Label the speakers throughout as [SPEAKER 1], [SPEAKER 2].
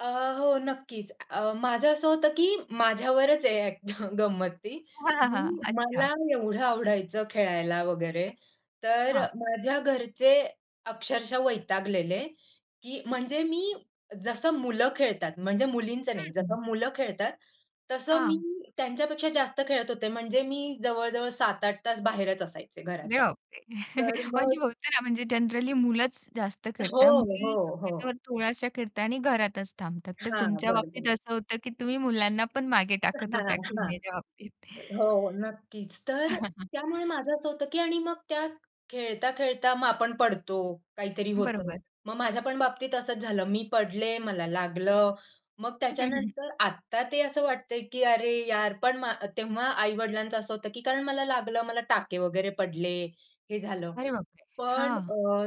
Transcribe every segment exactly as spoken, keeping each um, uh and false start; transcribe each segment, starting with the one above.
[SPEAKER 1] अ, हो नक्कीच अ, माझं असं होतं की माझ्यावरच आहे गंमत ती,
[SPEAKER 2] हां, हां, हां.
[SPEAKER 1] मी
[SPEAKER 2] अच्छा.
[SPEAKER 1] मला एवढं आवडायचं खेळायला वगैरे तर,
[SPEAKER 2] हां.
[SPEAKER 1] माझ्या घरचे अक्षरशः वैतागलेले की म्हणजे मी, जसं मुलं खेळतात, म्हणजे मुलींचं
[SPEAKER 2] हं,
[SPEAKER 1] नाही
[SPEAKER 2] हं.
[SPEAKER 1] जसं मुलं खेळतात, तसं
[SPEAKER 2] हां.
[SPEAKER 1] मी त्यांच्यापेक्षा जास्त खेळत होते. म्हणजे मी जवळ-जवळ सात आठ तास बाहेरच असायचे
[SPEAKER 2] अरे,
[SPEAKER 1] घराच्या,
[SPEAKER 2] बापरे!
[SPEAKER 1] तर
[SPEAKER 2] म्हणजे
[SPEAKER 1] मग
[SPEAKER 2] होत ना म्हणजे जनरली मुलंच जास्त खेळतात,
[SPEAKER 1] हो,
[SPEAKER 2] मुली
[SPEAKER 1] हो,
[SPEAKER 2] शक्यतो
[SPEAKER 1] हो.
[SPEAKER 2] थोड्याश्या खेळता आणि घरातच थांबतात. तर
[SPEAKER 1] हां,
[SPEAKER 2] तुमच्या
[SPEAKER 1] बरं,
[SPEAKER 2] बाबतीत
[SPEAKER 1] बरं.
[SPEAKER 2] असं होतं की तुम्ही मुलांना पण मागे टाकत
[SPEAKER 1] हां,
[SPEAKER 2] होत्या
[SPEAKER 1] हां.
[SPEAKER 2] खेळण्याच्या बाबतीत.
[SPEAKER 1] हो, नक्कीच. तर त्यामुळे माझं असं होतं की आणि मग त्या खेळता-खेळता मग आपण पडतो, काहीतरी होतं.
[SPEAKER 2] बरोबर.
[SPEAKER 1] मग माझ्यापण बाबतीत असंच झालं, मी पडले, मला लागलं. मग त्याच्यानंतर आत्ता ते असं वाटतंय की "अरे यार," पण मा तेव्हा आई-वडिलांचं असं होतं की कारण मला लागलं, मला टाके वगैरे पडले, हे झालं.
[SPEAKER 2] अरे बापरे!
[SPEAKER 1] पण
[SPEAKER 2] हां.
[SPEAKER 1] अ,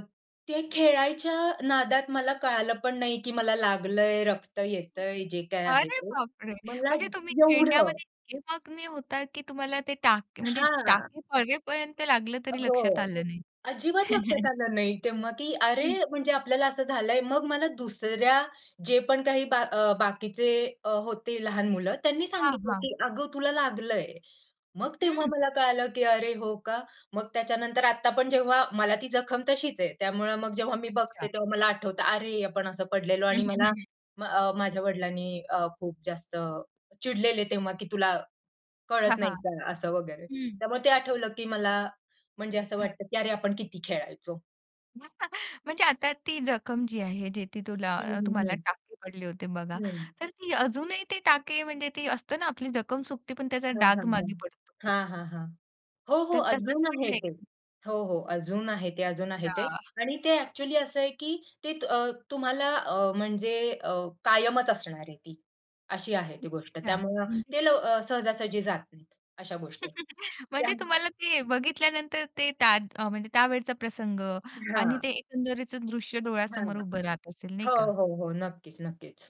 [SPEAKER 1] ते खेळायच्या नादात मला कळालं पण नाही की मला लागलंय, रक्त येतंय, जे काही आहे
[SPEAKER 2] अरे
[SPEAKER 1] ते
[SPEAKER 2] बापरे!
[SPEAKER 1] मला
[SPEAKER 2] म्हणजे तुम्ही
[SPEAKER 1] एवढं
[SPEAKER 2] खेळण्यामध्ये इतके मग्न होता की तुम्हाला, ते टाक म्हणजे
[SPEAKER 1] हां.
[SPEAKER 2] टाके पडेपर्यंत लागलं तरी लक्षात
[SPEAKER 1] हो.
[SPEAKER 2] आलं नाही.
[SPEAKER 1] अजिबात लक्षात आलं नाही तेव्हा की अरे,
[SPEAKER 2] हं.
[SPEAKER 1] म्हणजे आपल्याला असं झालंय, मग मला दुसऱ्या, जे पण काही बा बाकीचे अ, होती लहान मुलं, त्यांनी
[SPEAKER 2] हां,
[SPEAKER 1] सांगितलं
[SPEAKER 2] हां.
[SPEAKER 1] की "अगं, तुला लागलंय." मग तेव्हा
[SPEAKER 2] हं.
[SPEAKER 1] मला कळालं की "अरे हो का?" मग त्याच्यानंतर आत्ता पण जेव्हा मला ती जखम तशीच आहे. त्यामुळं मग जेव्हा मी बघते,
[SPEAKER 2] अच्छा.
[SPEAKER 1] तेव्हा मला आठवतं अरे, आपण असं पडलेलो
[SPEAKER 2] हं,
[SPEAKER 1] आणि
[SPEAKER 2] हं,
[SPEAKER 1] मला
[SPEAKER 2] हं, हं.
[SPEAKER 1] अ, माझ्या वडिलांनी अ, खूप जास्त चिडलेले तेव्हा की तुला कळत
[SPEAKER 2] हां,
[SPEAKER 1] नाही
[SPEAKER 2] हां.
[SPEAKER 1] का? असं वगैरे.
[SPEAKER 2] हं.
[SPEAKER 1] त्यामुळे ते आठवलं की मला म्हणजे असं वाटतं की "अरे, आपण किती खेळायचो."
[SPEAKER 2] म्हणजे, आता ती जखम जी आहे, जे ती
[SPEAKER 1] हं,
[SPEAKER 2] तुला
[SPEAKER 1] हं,
[SPEAKER 2] तुम्हाला
[SPEAKER 1] हं.
[SPEAKER 2] टाके पडले होते बघा,
[SPEAKER 1] हं.
[SPEAKER 2] तर ती अजूनही ते टाके म्हणजे ते असतं ना, आपली जखम सुकते पण त्याचा
[SPEAKER 1] हं,
[SPEAKER 2] डाग
[SPEAKER 1] हं, हं.
[SPEAKER 2] मागे पडतो.
[SPEAKER 1] हां, हां, हां. हो, हो.
[SPEAKER 2] तर तसंच
[SPEAKER 1] अजून आहे
[SPEAKER 2] पडलंय
[SPEAKER 1] ते.
[SPEAKER 2] का?
[SPEAKER 1] हो, हो. अजून आहे ते, अजून आहे ते.
[SPEAKER 2] या.
[SPEAKER 1] आणि ते ॲक्चुअली असं आहे की ते अ, तुम्हाला अ, म्हणजे अ, कायमच असणार आहे ती, अशी आहे ती गोष्ट.
[SPEAKER 2] अच्छा,
[SPEAKER 1] त्यामुळे
[SPEAKER 2] म्हणजे?
[SPEAKER 1] ते लव सहजा-सहजी जात नाहीत, अशा गोष्टी. त्या
[SPEAKER 2] म्हणजे तुम्हाला ते बघितल्यानंतर ते त्या अ, म्हणजे त्यावेळचा प्रसंग आणि ते
[SPEAKER 1] हां.
[SPEAKER 2] एकंदरीचं दृश्य
[SPEAKER 1] हां,
[SPEAKER 2] डोळ्यासमोर
[SPEAKER 1] हां.
[SPEAKER 2] उभं राहत असेल, नाही
[SPEAKER 1] हो,
[SPEAKER 2] का?
[SPEAKER 1] हो, हो. नक्कीच-नक्कीच.